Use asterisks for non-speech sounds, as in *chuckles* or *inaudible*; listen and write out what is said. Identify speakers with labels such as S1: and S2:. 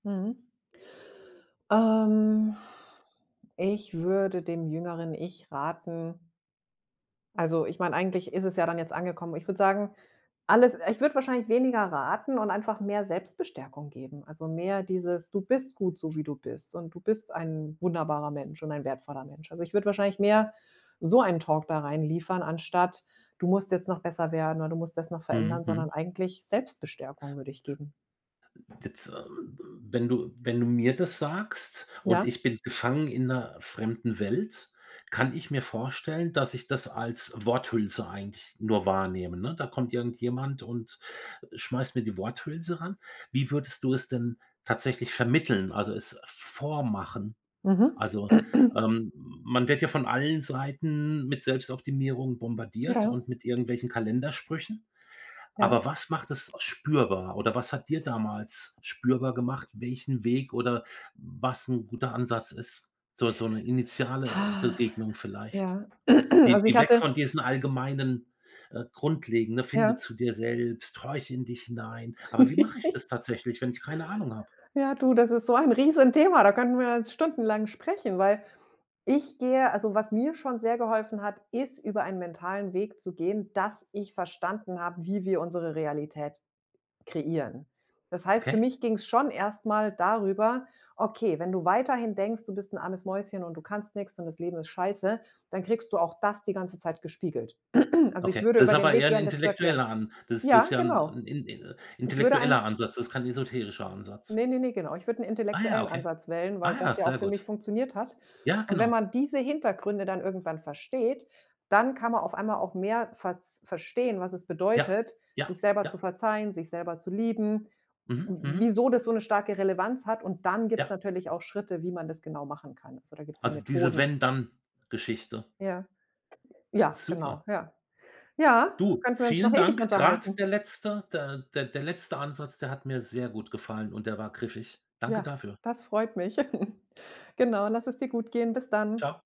S1: Mhm. Ähm. Ich würde dem jüngeren Ich raten Also, ich meine, eigentlich ist es ja dann jetzt angekommen. Ich würde sagen, alles ich würde wahrscheinlich weniger raten und einfach mehr Selbstbestärkung geben. Also, mehr dieses: „Du bist gut, so wie du bist, und du bist ein wunderbarer Mensch und ein wertvoller Mensch.“ Also, ich würde wahrscheinlich mehr so ein Talk da reinliefern anstatt: „Du musst jetzt noch besser werden“ oder: „Du musst das noch verändern“,
S2: Mhm,
S1: sondern
S2: mhm.
S1: eigentlich Selbstbestärkung würde ich geben.
S2: D z ähm m wenn du wenn du mir das sagst und
S1: Ja?
S2: ich bin gefangen in 'ner fremden Welt, kann ich mir vorstellen, dass ich das als Worthülse eigentlich nur wahrnehme, ne? Da kommt irgendjemand und schmeißt mir die Worthülse ran. Wie würdest du es denn tatsächlich vermitteln, also, es vormachen?
S1: Mhm.
S2: Also,
S1: *clears throat*
S2: ähm, man wird ja von allen Seiten mit Selbstoptimierung bombardiert
S1: Ja
S2: und mit irgendwelchen Kalendersprüchen.
S1: Ja.
S2: Aber was macht es spürbar? Oder was hat dir damals spürbar gemacht, welchen Weg oder was 'n guter Ansatz ist? So So 'ne initiale
S1: Hach,
S2: Begegnung vielleicht,
S1: ja. *clears throat*
S2: die
S1: Also, ich
S2: die weg
S1: hatte
S2: von diesen allgemeinen, äh grundlegendne: „Finde
S1: Ja.
S2: zu dir selbst. Horche in dich hinein“. Aber wie mache ich das
S1: *giggles*
S2: tatsächlich, wenn ich keine Ahnung habe?
S1: Ja, du, das ist so ein Riesenthema, da könnten wir jetzt stundenlang sprechen, weil ich gehe also, was mir schon sehr geholfen hat, ist, über einen mentalen Weg zu gehen, dass ich verstanden habe, wie wir unsere Realität kreieren. Das heißt, für
S2: Okay.
S1: mich ging's schon erst mal darüber: „Okay, wenn du weiterhin denkst, du bist 'n armes Mäuschen und du kannst nix und das Leben ist scheiße“, dann kriegst du auch das die ganze Zeit gespiegelt. *clears throat* Also, ich
S2: Okay,
S1: würde
S2: das ist
S1: über den
S2: aber eher
S1: Weg
S2: 'n
S1: gehen das zu erklären.
S2: intellektueller An das das ist
S1: Ja,
S2: ja
S1: genau.
S2: 'n in in
S1: Ich würde
S2: intellektueller
S1: einen
S2: Ansatz, das kein esoterischer Ansatz.
S1: Ne, ne, ne, genau. Ich würde 'n
S2: Ah ja,
S1: intellektuellen
S2: okay.
S1: Ansatz wählen, weil
S2: Ah
S1: das
S2: ja,
S1: ja auch
S2: sehr
S1: für mich
S2: gut.
S1: funktioniert hat.
S2: Ja,
S1: Und wenn
S2: genau.
S1: man diese Hintergründe dann irgendwann versteht, dann kann man auf einmal auch mehr verz verstehen, was es
S2: Ja,
S1: bedeutet,
S2: ja,
S1: sich selber zu
S2: ja.
S1: verzeihen, sich selber zu lieben,
S2: Mhm,
S1: w
S2: mhm.
S1: wieso das so 'ne starke Relevanz hat. Und dann gibt es
S2: Ja.
S1: natürlich auch Schritte, wie man das genau machen kann. Also, da gibt's ja
S2: Also, diese
S1: Methoden.
S2: Wenn-Dann-Geschichte.
S1: Ja. Ja, genau.
S2: Super.
S1: Ja. Ja,
S2: Du,
S1: könnten wir uns noch
S2: vielen
S1: ewig
S2: Dank. Gerade
S1: unterhalten.
S2: der letzte der der der letzte Ansatz, der hat mir sehr gut gefallen und der war griffig. Danke
S1: Ja,
S2: dafür.
S1: das freut mich. *chuckles* Genau, lass es dir gut gehen. Bis dann.
S2: Tschau.